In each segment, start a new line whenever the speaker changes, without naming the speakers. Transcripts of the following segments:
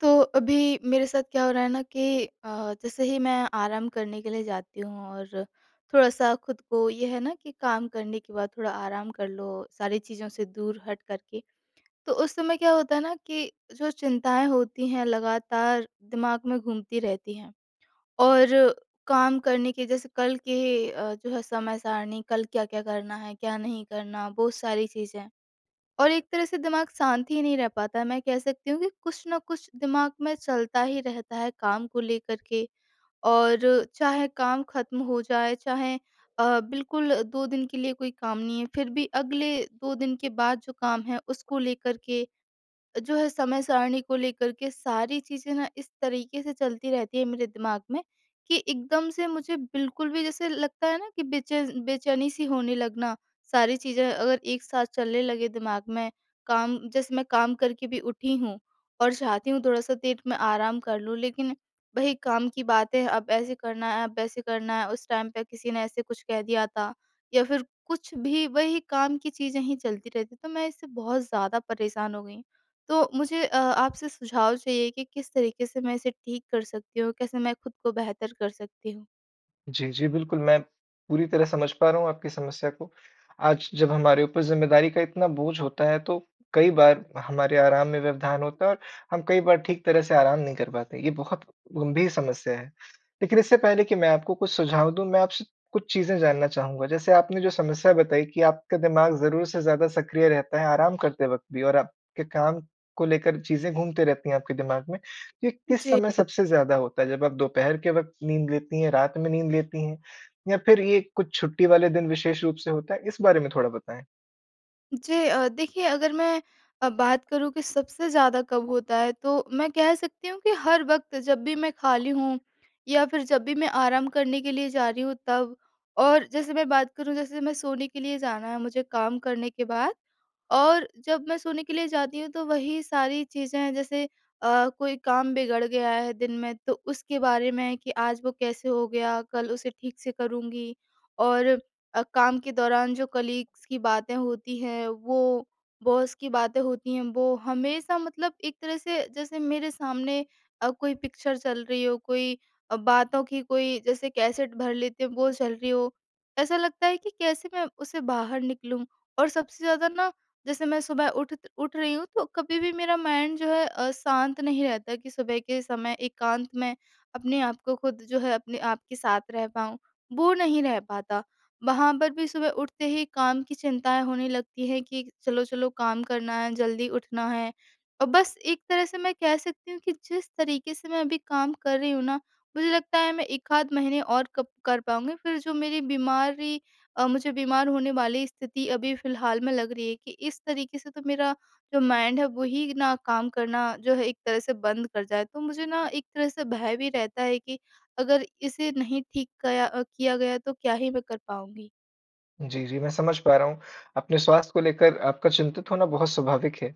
तो अभी मेरे साथ क्या हो रहा है ना कि अ, जैसे ही मैं आराम करने के लिए जाती हूँ और थोड़ा-सा खुद को ये है ना कि काम करने के बाद थोड़ा आराम कर लो सारी चीज़ों से दूर हटकर के। तो उस समय क्या होता है ना कि जो चिंताएँ होती हैं लगातार दिमाग में घूमती रहती हैं और काम करने के जैसे कल के अ, जो है समय-सारणी कल क्या-क्या करना है, क्या नहीं करना बहुत सारी चीज़ें। और एक तरह से दिमाग शांत ही नहीं रह पाता है, मैं कह सकती हूँ कि कुछ न कुछ दिमाग में चलता ही रहता है काम को लेकर के। और चाहे काम ख़त्म हो जाए, चाहे अ, बिल्कुल 2 दिन के लिए कोई काम नहीं है फिर भी अगले 2 दिन के बाद जो काम है उसको लेकर के जो है समय-सारणी को लेकर के सारी चीज़ें ना इस तरीके से चलती रहती हैं मेरे दिमाग में कि एकदम से मुझे बिल्कुल भी जैसे लगता है ना कि बेचेस बेचैनी सी होने लगना। सारी चीज़ें अगर एक साथ चलने लगे दिमाग में काम जैसे मैं काम करके भी उठी हूँ और चाहती हूँ थोड़ा-सा देर मैं आराम कर लूँ लेकिन वही काम की बातें अब ऐसे करना है अब ऐसे करना है उस टाइम पे किसी ने ऐसे कुछ कह दिया था। या फिर कुछ भी वही काम की चीज़ें ही चलती रहती, तो मैं इससे बहुत ज़्यादा परेशान हो गई हूँ। तो मुझे अ, आपसे सुझाव चाहिए कि किस तरीके से मैं इसे ठीक कर सकती हूँ? कैसे मैं खुद को बेहतर कर सकती हूँ?
जी, जी, बिल्कुल। मैं पूरी तरह समझ पा रहा हूँ आपकी समस्या को आज जब हमारे ऊपर ज़िम्मेदारी का इतना बोझ होता है तो कई बार हमारे आराम में व्यवधान होता है और हम कई बार ठीक तरह से आराम नहीं कर पाते, ये बहुत गंभीर समस्या है। लेकिन इससे पहले कि मैं आपको कुछ सुझाव दूँ मैं आपसे कुछ चीज़ें जानना चाहूँगा जैसे आपने जो समस्या बताई कि आपका दिमाग ज़रूर से ज़्यादा सक्रिय रहता है, आराम करते वक़्त भी और आपके काम को लेकर चीज़ें घूमते रहती हैं आपके दिमाग में। ये किस
जी।
समय सबसे ज़्यादा होता है जब आप दोपहर के वक़्त नींद लेती हैं, रात में नींद लेती हैं या फिर ये कुछ छुट्टी वाले दिन विशेष रूप से होता है? इस बारे में थोड़ा बताएँ।
जी अ, देखिए अगर मैं अ, बात करूँ कि सबसे ज़्यादा कब होता है तो मैं कह सकती हूँ कि हर वक़्त जब भी मैं खाली
[unintelligible]
हूँ या फिर जब भी मैं आराम करने के लिए जा रही हूँ तब और जैसे मैं बात करूँ जैसे मैं सोने के लिए जाना है मुझे काम करने के बाद। और जब मैं सोने के लिए जाती हूँ तो वही सारी चीज़ें हैं, जैसे अ, कोई काम बिगड़ गया है दिन में तो उसके बारे में कि आज वो कैसे हो गया, कल उसे ठीक से करूँगी। और अ, काम के दौरान जो कलीग्स की बातें होती हैं, वो बॉस की बातें होती हैं वो हमेशा मतलब एक तरह से जैसे मेरे सामने अ, कोई पिक्चर चल रही हो, कोई अ, बातों की कोई जैसे कैसेट भर लेते हैं वो चल रही हो। ऐसा लगता है कि कैसे मैं उसे बाहर निकलूँ और सबसे ज़्यादा न जैसे मैं सुबह उठ त उठ रही हूँ तो कभी भी मेरा माइंड जो है अ, शांत नहीं रहता कि सुबह के समय एकांत मैं अपने आप को खुद जो है अपने आप के साथ रह पाऊँ। वो नहीं रह पाता, वहाँ पर भी सुबह उठते ही काम की चिंताएँ होने लगती हैं कि चलो-चलो काम करना है जल्दी उठना है। अ, बस एक तरह से मैं कह सकती हूँ कि जिस तरीके से मैं अभी काम कर रही हूँ ना मुझे लगता है मैं एकाध महीने और कप कर पाऊँगी फिर जो मेरी बीमारी अ, मुझे बीमार होने वाली स्थिति अभी फिलहाल में लग रही है कि इस तरीके से तो मेरा जो माइंड है वही न काम करना जो है एक तरह से बंद कर जाए। तो मुझे न एक तरह से भय भी रहता है कि अगर इसे नहीं ठीक कया अ, किया गया तो क्या ही मैं कर पाऊँगी।
जी, जी मैं समझ पा रहा हूँ अपने स्वास्थ्य को लेकर आपका चिंतित होना बहुत स्वाभाविक है।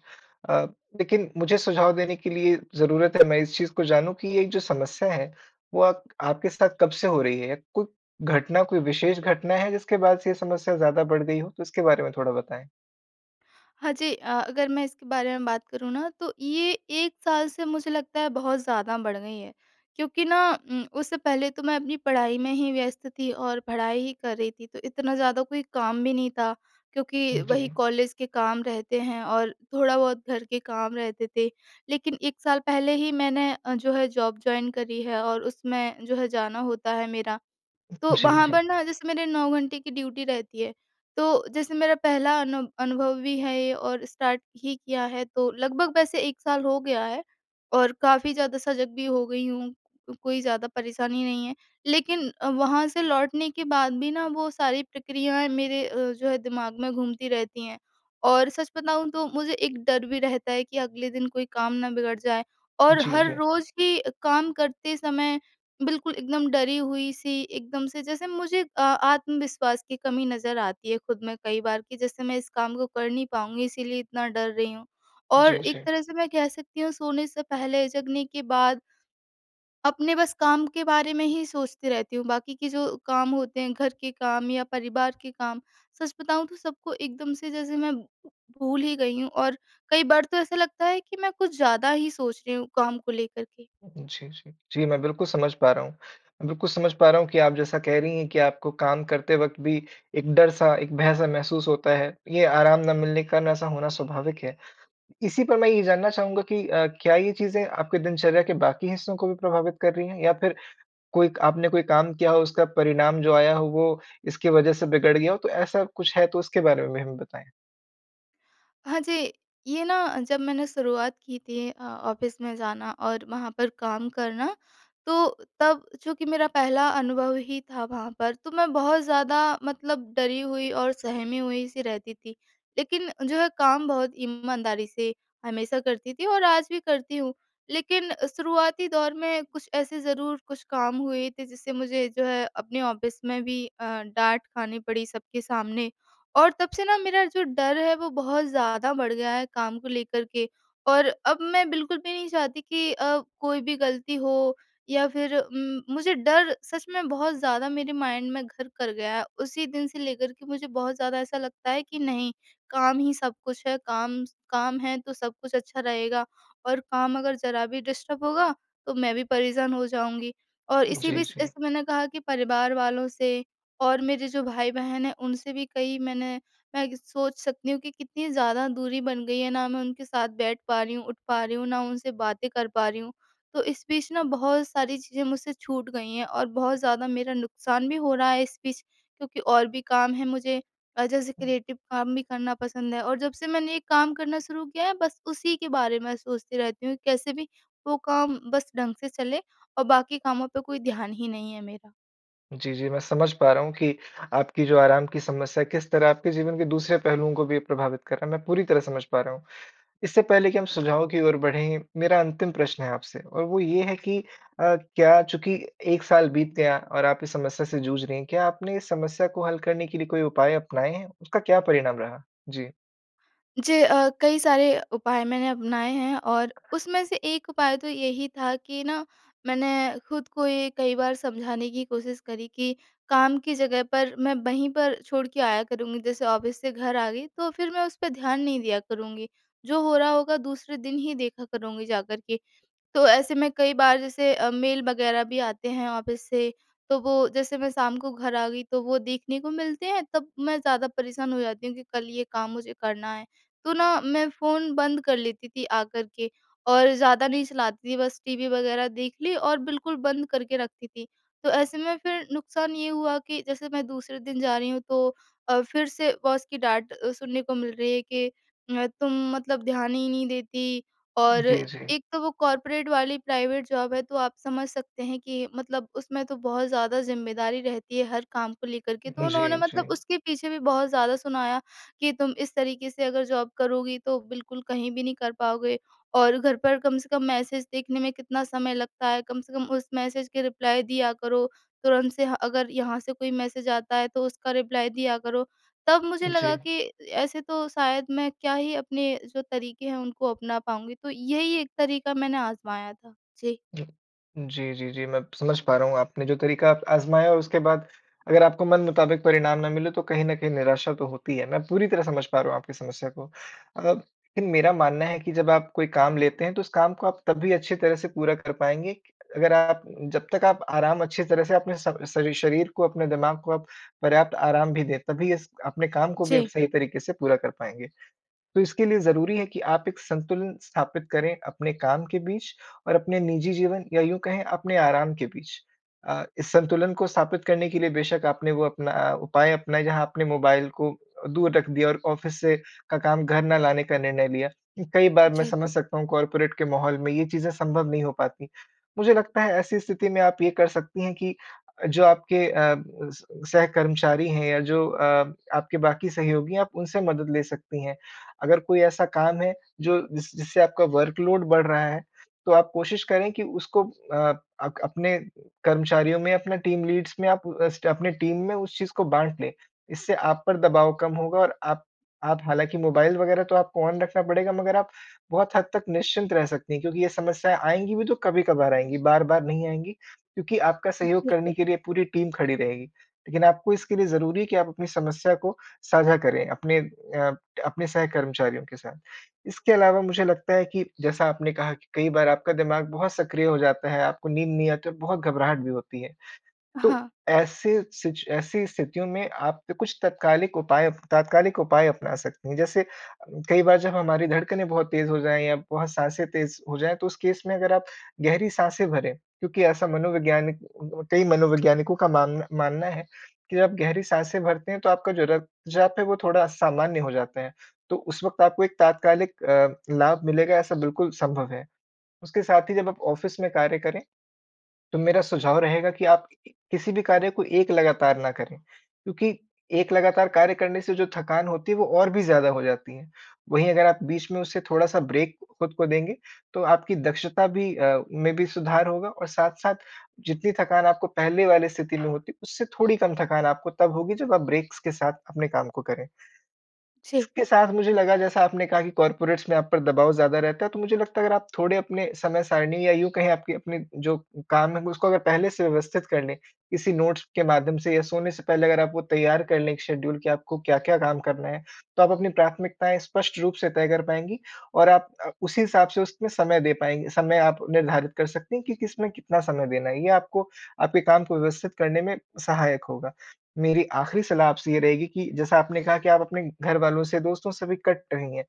अ, लेकिन, मुझे सुझाव देने के लिए ज़रूरत है मैं इस चीज़ को जानूँ कि ये जो समस्या है वो अक आपके साथ कब से हो रही है? कु घटना कोई विशेष घटना है जिसके बाद से ये समस्या ज़्यादा बढ़ गई हो? तो उसके बारे में थोड़ा बताएँ।
हाँ जी, अ अगर मैं इसके बारे में बात करूँ ना तो ये 1 साल से मुझे लगता है बहुत ज़्यादा बढ़ गई है। क्योंकि ना उम, उससे पहले तो मैं अपनी पढ़ाई में ही व्यस्त थी और पढ़ाई ही कर रही थी तो इतना ज़्यादा कोई काम भी नहीं था क्योंकि
उम,
वही
जी।
कॉलेज के काम रहते हैं और थोड़ा बहुत घर के काम रहते थे। लेकिन 1 साल पहले ही मैंने अ, जो है जॉब जॉइन करी है और उसमें जो है जाना होता है मेरा। तो
जी,
वहाँ
जी।
पर ना, जैसे मेरे 9 घंटे की ड्यूटी रहती है। तो जैसे मेरा पहला अनु अनुभव भी है ये और स्टार्ट ही किया है तो लगभग वैसे 1 साल हो गया है। और काफ़ी ज़्यादा सजग भी हो गई हूँ, कोई ज़्यादा परेशानी नहीं है। लेकिन अ, वहाँ से लौटने के बाद भी ना वो सारी प्रक्रियाएँ मेरे अ, जो है दिमाग में घूमती रहती हैं और सच बताऊँ तो मुझे एक डर भी रहता है कि अगले दिन कोई काम ना बिगड़ जाए। और
जी,
हर
जी।
रोज़ भी काम करते समय बिल्कुल एकदम डरी हुई-सी एकदम से जैसे मुझे आ आत्मविश्वास की कमी नज़र आती है ख़ुद में कई बार कि जैसे मैं इस काम को कर नहीं पाऊँगी इसलिए इतना डर रही हूँ। और
जी,
एक
जी।
तरह से मैं कह सकती हूँ सोने से पहले जगने के बाद अपने बस काम के बारे में ही सोचती रहती हूँ बाकी के जो काम होते हैं घर के काम या परिवार के काम सच बताऊँ तो सबको एकदम से जैसे मैं भूल ही गई हूँ। और कई बार तो ऐसा लगता है कि मैं कुछ ज़्यादा ही सोच रही हूँ काम को लेकर के।
जी, जी। जी, मैं बिल्कुल समझ पा रहा हूँ। बिल्कुल समझ पा रहा हूँ कि आप जैसा कह रही हैं कि आपको काम करते वक़्त भी एक डर-सा एक भय-सा महसूस होता है। ये आराम ना मिलने के कारण ऐसा होना स्वाभाविक है। इसी पर मैं ये जानना चाहूँगा कि अ, क्या ये चीज़ें आपकी दिनचर्या के बाकी हिस्सों को भी प्रभावित कर रही हैं? या फ़िर कोई क आपने कोई काम किया हो उसका परिणाम जो आया हो वो इसकी वजह से बिगड़ गया हो तो ऐसा कुछ है, तो उसके बारे में भी हमें बताएँ।
हाँ जी। ये ना जब मैंने शुरुआत की थी अ, ऑफ़िस में जाना और वहाँ पर काम करना, तो तब चूँकि मेरा पहला अनुभव ही था वहाँ पर तो मैं बहुत ज़्यादा मतलब डरी हुई और सहमी हुई-सी रहती थी। लेकिन जो है काम बहुत ईमानदारी से हमेशा करती थी और आज भी करती हूँ। लेकिन शुरुआती दौर में कुछ ऐसे ज़रूर कुछ काम हुए थे जिससे मुझे जो है अपने ऑफ़िस में भी अ, डाँट खानी पड़ी सबके सामने। और तब से ना मेरा जो डर है वो बहुत ज़्यादा बढ़ गया है काम को लेकर के। और अब मैं बिल्कुल भी नहीं चाहती कि अ, कोई भी ग़लती हो या फिर उम, मुझे डर सच में बहुत ज़्यादा मेरे माइंड में घर कर गया है। उसी दिन से लेकर के मुझे बहुत ज़्यादा ऐसा लगता है कि नहीं काम ही सब कुछ है। काम स काम है तो सब कुछ अच्छा रहेगा और काम अगर ज़रा भी डिस्टर्ब होगा तो मैं भी परेशान हो जाऊँगी। और इसी
जी,
बीच
जी।
जैसे मैंने कहा कि परिवार वालों से और मेरे जो भाई-बहन हैं उनसे भी कई मैंने मैं कि सोच सकती हूँ कि कितनी ज़्यादा दूरी बन गई है। ना मैं उनके साथ बैठ पा रही हूँ, उठ पा रही हूँ, ना उनसे बातें कर पा रही हूँ। तो इस बीच न बहुत सारी चीज़ें मुझसे छूट गई हैं और बहुत ज़्यादा मेरा नुक़सान भी हो रहा है इस बीच क्योंकि और भी काम है मुझे। अ, जैसे
हुँ।
क्रिएटिव काम भी करना पसंद है और जब से मैंने ये काम करना शुरू किया है बस उसी के बारे में सोचती रहती हूँ कैसे भी वो काम बस ढंग से चलें और बाकी कामों पर कोई ध्यान ही नहीं है मेरा।
जी, जी, मैं समझ पा रहा हूँ कि आपकी जो आराम की समस्या किस तरह आपके जीवन के दूसरे पहलुओं को भी प्रभावित कर रहा है। मैं पूरी तरह समझ पा रहा हूँ। इससे पहले कि हम सुझाव की ओर बढ़ें, मेरा अंतिम प्रश्न है आपसे और वो ये है कि अ, क्या चूँकि 1 साल बीत गया और आप इस समस्या से जूझ रही हैं, क्या आपने इस समस्या को हल करने के लिए कोई उपाय अपनाए हैं? उसका क्या परिणाम रहा? जी।
जी अ, कई सारे उपाय मैंने अपनाए हैं और उसमें से एक उपाय तो यही था कि ना, मैंने खुद को ये कई बार समझाने की कोशिश करी कि काम की जगह पर मैं वहीं पर छोड़ के आया करूँगी, जैसे ऑफ़िस से घर आ गई, तो फिर मैं उस पे ध्यान नहीं दिया करूँगी। जो हो रहा होगा, दूसरे दिन ही देखा करुँगी जाकर के। तो ऐसे में कई बार, जैसे अ, मेल वगैरह भी आते हैं ऑफ़िस से, तो वो जैसे मैं शाम को घर आ गई, तो वो देखने को मिलते हैं, तब मैं ज़्यादा परेशान हो जाती हूँ कि कल ये काम मुझे करना है। तो ना, मैं फ़ोन बंद कर लेती थी आ कर के और ज़्यादा नहीं चलाती थी, बस टीवी वगैरह देख ली और बिल्कुल बंद करके रखती थी। तो ऐसे में फिर नुकसान ये हुआ कि जैसे मैं दूसरे दिन जा रही हूँ, तो अ, फिर से बॉस की डाँट अ, सुनने को मिल रही है कि अ, "तुम मतलब ध्यान ही नहीं देती।" और
जी, जी।
एक तो वो कॉर्पोरेट वाली प्राइवेट जॉब है, तो आप समझ सकते हैं कि मतलब उसमें तो बहुत ज़्यादा ज़िम्मेदारी रहती है, हर काम को लेकर के, तो उन्होंने
जी, जी।
मतलब उसके पीछे भी बहुत ज़्यादा सुनाया कि, "तुम इस तरीके से अगर जॉब करोगी, तो बिल्कुल कहीं भी नहीं कर पाओगे और घर पर कम से कम मैसेज देखने में कितना समय लगता है? कम से कम उस मैसेज के रिप्लाय दिया करो। तुरंत से ह अगर यहाँ से कोई मैसेज आता है, तो उसका रिप्लाय दिया करो।" तब मुझे लगा
जी।
कि ऐसे तो शायद मैं क्या ही अपने जो तरीके हैं, उनको अपना पाऊँगी, तो यही एक तरीका मैंने आज़माया था। जी।
जी। जी, जी, जी, मैं समझ पा रहा हूँ, आपने जो तरीका आज़माया, उसके बाद अगर आपको मन मुताबिक परिणाम ना मिले, तो कहीं न कहीं निराशा तो होती है। मैं पूरी तरह समझ पा रहा हूँ आपकी समस्या को। अगर लेकिन मेरा मानना है कि जब आप कोई काम लेते हैं, तो उस काम को आप तभी अच्छी तरह से पूरा कर पाएँगे, अगर आप जब तक आप आराम अच्छी तरह से अपने स सरी शरीर को, अपने दिमाग को आप पर्याप्त आराम भी दें, तभी इस अपने काम को भी आप
जी।
सही तरीके से पूरा कर पाएँगे। तो इसके लिए ज़रूरी है कि आप एक संतुलन स्थापित करें अपने काम के बीच और अपने निजी जीवन या यूँ कहें, अपने आराम के बीच। अ, इस संतुलन को स्थापित करने के लिए बेशक आपने वो अपना उपाय अपनाए, जहाँ आपने मोबाइल को अ, दूर रख दिया और ऑफ़िस से का काम घर ना लाने का निर्णय लिया। कई बार मैं
जी।
समझ सकता हूँ, कॉर्पोरेट के माहौल में ये चीज़ें संभव नहीं हो पाती। मुझे लगता है, ऐसी स्थिति में आप ये कर सकती हैं कि जो आपके अ, स सह कर्मचारी हैं या जो अ, आपके बाकी सहयोगी हैं, आप उनसे मदद ले सकती हैं। अगर कोई ऐसा काम है, जो जिस जिससे आपका वर्कलोड बढ़ रहा है, तो आप कोशिश करें कि उसको अ, अक अपने कर्मचारियों में, अपना टीम लीड्स में, आप अस्ट अपने टीम में उस चीज़ को बाँट लें। इससे आप पर दबाव कम होगा और आप आप हालाँकि मोबाइल वगैरह तो आपको ऑन रखना पड़ेगा, मगर आप बहुत हद तक निश्चिंत रह सकती हैं क्योंकि ये समस्याएँ आएँगी भी, तो कभी-कभार आएँगी, बार-बार नहीं आएँगी, क्योंकि आपका सहयोग
ओके।
करने के लिए पूरी टीम खड़ी रहेगी। लेकिन आपको इसके लिए ज़रूरी है कि आप अपनी समस्या को साझा करें अपने अ, अपने सहकर्मचारियों के साथ। इसके अलावा मुझे लगता है कि जैसा आपने कहा कि कई बार आपका दिमाग बहुत सक्रिय हो जाता है, आपको नींद नहीं आती और बहुत घबराहट भी होती है। तो
हाँ।
ऐसे सिच ऐसी स्थितियों में आप पे कुछ तात्कालिक उपाय तात्कालिक उपाय अपना सकती हैं। जैसे कई बार जब हमारी धड़कनें बहुत तेज़ हो जाएँ या बहुत साँसें तेज़ हो जाएँ, तो उस केस में अगर आप गहरी साँसें भरें, क्योंकि ऐसा मनोवैज्ञानिक कई मनोवैज्ञानिकों का मान मानना है कि जब आप गहरी साँसें भरते हैं, तो आपका जो रक्तचाप है, वो थोड़ा सामान्य हो जाता है। तो उस वक़्त आपको एक तात्कालिक अ, लाभ मिलेगा, ऐसा बिल्कुल संभव है। उसके साथ ही जब आप ऑफ़िस में कार्य करें, तो मेरा सुझाव रहेगा कि आप किसी भी कार्य को एक लगातार ना करें, क्योंकि एक लगातार कार्य करने से जो थकान होती है, वो और भी ज़्यादा हो जाती है। वहीं अगर आप बीच में उससे थोड़ा-सा ब्रेक खुद को देंगे, तो आपकी दक्षता भी अ, में भी सुधार होगा और साथ-साथ जितनी थकान आपको पहले वाली स्थिति में होती, उससे थोड़ी कम थकान आपको तब होगी, जब आप ब्रेक्स के साथ अपने काम को करें।
जी।
इसके साथ मुझे लगा, जैसा आपने कहा कि कॉर्पोरेट्स में आप पर दबाव ज़्यादा रहता है, तो मुझे लगता है, अगर आप थोड़े अपने समय सारणी या यूँ कहें, आपकी अपने जो काम है, ग उसको अगर पहले से व्यवस्थित कर लें, किसी नोट्स के माध्यम से या सोने से पहले अगर आप वो तैयार कर लें एक शेड्यूल कि आपको क्या-क्या काम करना है, तो आप अपनी प्राथमिकताएँ स्पष्ट रूप से तय कर पाएँगी और आप अ, उसी हिसाब से उसमें समय दे पाएँग समय आप निर्धारित कर सकती हैं कि किसमें कितना समय देना है। ये आपको, आपके काम को व्यवस्थित करने में सहायक होगा। मेरी आखिरी सलाह आपसे ये रहेगी कि जैसा आपने कहा कि आप अपने घरवालों से, दोस्तों से भी कट रही हैं।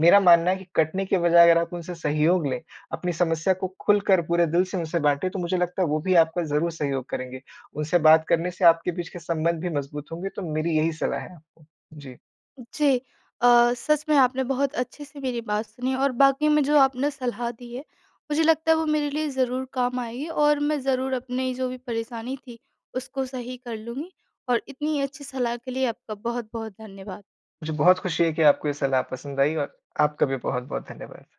मेरा मानना है कि कटने की बजाय अगर आप उनसे सहयोग लें, अपनी समस्या को खुलकर पूरे दिल से उनसे बाँटे, तो मुझे लगता है, वो भी आपका ज़रूर सहयोग करेंगे। उनसे बात करने से आपके बीच के संबंध भी मज़बूत होंगे, तो मेरी यही सलाह है आपको। जी।
जी। अ, सच में आपने बहुत अच्छे से मेरी बात सुनी और वाक़ई में जो आपने सलाह दी है, मुझे लगता है, वो मेरे लिए ज़रूर काम आएगी और मैं ज़रूर अपनी जो भी परेशानी थी, उसको सही कर लूँगी और इतनी अच्छी सलाह के लिए आपका बहुत-बहुत धन्यवाद।
मुझे बहुत खुशी है कि आपको ये सलाह पसंद आई और आपका भी बहुत-बहुत धन्यवाद।